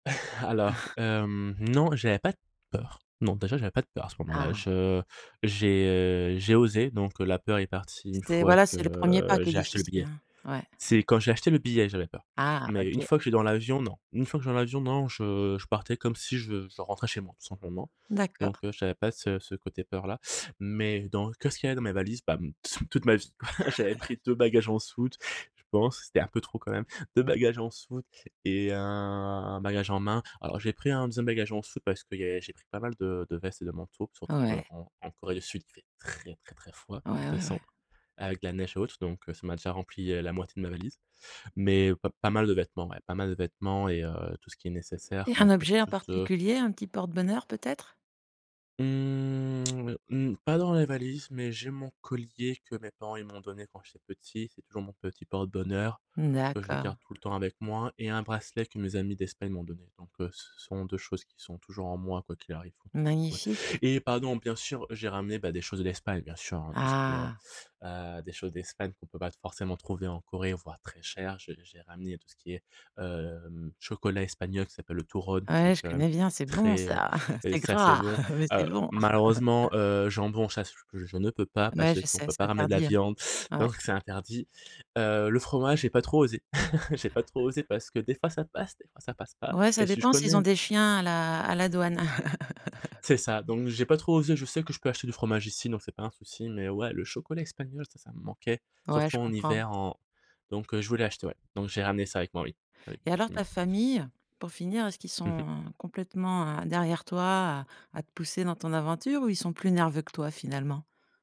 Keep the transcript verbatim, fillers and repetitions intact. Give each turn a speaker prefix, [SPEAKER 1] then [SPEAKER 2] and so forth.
[SPEAKER 1] Alors, hem, non, j'avais pas de peurs. Non, déjà, j'avais pas de peurs à ce moment-là.
[SPEAKER 2] Ah!
[SPEAKER 1] Je j'ai, heu, j'ai osé, donc heu, la peur est partie une
[SPEAKER 2] C'est
[SPEAKER 1] fois
[SPEAKER 2] voilà,
[SPEAKER 1] que,
[SPEAKER 2] c'est le premier pas
[SPEAKER 1] heu,
[SPEAKER 2] qui est
[SPEAKER 1] j'ai acheté le
[SPEAKER 2] difficile,
[SPEAKER 1] billet.
[SPEAKER 2] hein. Ouais.
[SPEAKER 1] C'est quand j'ai acheté le billet que j'avais peur
[SPEAKER 2] Ah!
[SPEAKER 1] mais une
[SPEAKER 2] OK.
[SPEAKER 1] fois que je suis dans l'avion, non. Une fois que je suis dans l'avion non, je je partais comme si je je rentrais chez moi, tout simplement,
[SPEAKER 2] D'accord.
[SPEAKER 1] donc heu, j'avais pas ce ce côté peur-là mais dans qu'est-ce qu'il y avait dans mes valises? Bah, mmh, toute ma vie! J'avais pris deux bagages en soute, je pense, c'était un peu trop quand même, deux bagages en soute et un un bagage en main. Alors j'ai pris un deuxième bagage en soute parce qu'il y a j'ai pris pas mal de de vestes et de manteaux, surtout
[SPEAKER 2] Ouais.
[SPEAKER 1] qu'en en Corée du Sud, il fait très, très, très froid
[SPEAKER 2] Ouais,
[SPEAKER 1] en
[SPEAKER 2] ouais, ouais.
[SPEAKER 1] décembre, avec de la neige haute, donc heu, ça m'a déjà rempli, heu, la moitié de ma valise mais pas pas mal de vêtements, ouais, pas mal de vêtements et heu, tout ce qui est nécessaire,
[SPEAKER 2] Et
[SPEAKER 1] donc
[SPEAKER 2] un
[SPEAKER 1] quelque
[SPEAKER 2] objet en
[SPEAKER 1] chose de
[SPEAKER 2] particulier, un petit porte bonheur, peut-être?
[SPEAKER 1] Mmh, mmh, pas dans les valises, mais j'ai mon collier que mes parents, ils m'ont donné quand j'étais petit, c'est toujours mon petit porte-bonheur
[SPEAKER 2] N
[SPEAKER 1] que je garde
[SPEAKER 2] d'accord.
[SPEAKER 1] tout le temps avec moi et un bracelet que mes amis d'Espagne m'ont donné, donc heu, ce sont deux choses qui sont toujours en moi quoi qu'il arrive, quoi, donc ouais
[SPEAKER 2] Magnifique.
[SPEAKER 1] et pardon, bien sûr, j'ai ramené, bah, des choses de l'Espagne, bien sûr, hein, tout ce qui est, heu
[SPEAKER 2] Ah!
[SPEAKER 1] heu, des choses d'Espagne qu'on peut pas t forcément trouver en Corée, voire très chères. J'ai j'ai ramené tout ce qui est, hem, chocolat espagnol qui s'appelle le turrón, qui
[SPEAKER 2] Ouais,
[SPEAKER 1] est
[SPEAKER 2] je
[SPEAKER 1] quand même
[SPEAKER 2] connais bien, c'est bon
[SPEAKER 1] très, heu
[SPEAKER 2] ça!
[SPEAKER 1] heu,
[SPEAKER 2] C'est
[SPEAKER 1] ça c'est
[SPEAKER 2] gras,
[SPEAKER 1] bon,
[SPEAKER 2] mais c'est
[SPEAKER 1] heu,
[SPEAKER 2] bon!
[SPEAKER 1] malheureusement, heu, jambon, sache que je ne peux pas,
[SPEAKER 2] Mouais,
[SPEAKER 1] parce
[SPEAKER 2] je
[SPEAKER 1] qu'on
[SPEAKER 2] sais.
[SPEAKER 1] peut
[SPEAKER 2] C'est
[SPEAKER 1] pas ramener de la
[SPEAKER 2] interdit, hein.
[SPEAKER 1] viande,
[SPEAKER 2] Ouais.
[SPEAKER 1] donc c'est interdi, heu, le fromage, j'ai pas trop osé, j'ai pas trop osé parce que des fois ça passe, des fois ça passe pas
[SPEAKER 2] Ouais, ça
[SPEAKER 1] et si je
[SPEAKER 2] dépend s'ils
[SPEAKER 1] connais
[SPEAKER 2] ont
[SPEAKER 1] une
[SPEAKER 2] des
[SPEAKER 1] [unintelligible]
[SPEAKER 2] chiens à la à la douane.
[SPEAKER 1] C'est ça! Donc j'ai pas trop osé. Je sais que je peux acheter du fromage ici, donc c'est pas un souci mais ouais, le chocolat espagnol, ça, ça me manquait,
[SPEAKER 2] Ouais,
[SPEAKER 1] surtout
[SPEAKER 2] je
[SPEAKER 1] en
[SPEAKER 2] comprends.
[SPEAKER 1] hiver en donc heu, je voulais acheter, ouais, donc j'ai ramené ça avec moi, oui. Oui,
[SPEAKER 2] Et alors ta
[SPEAKER 1] effectivement.
[SPEAKER 2] famille? Pour finir, est-ce qu'ils sont,
[SPEAKER 1] Mmh mh.
[SPEAKER 2] heu, complètement, heu, derrière toi à à te pousser dans ton aventure ou ils sont plus nerveux que toi, finalement?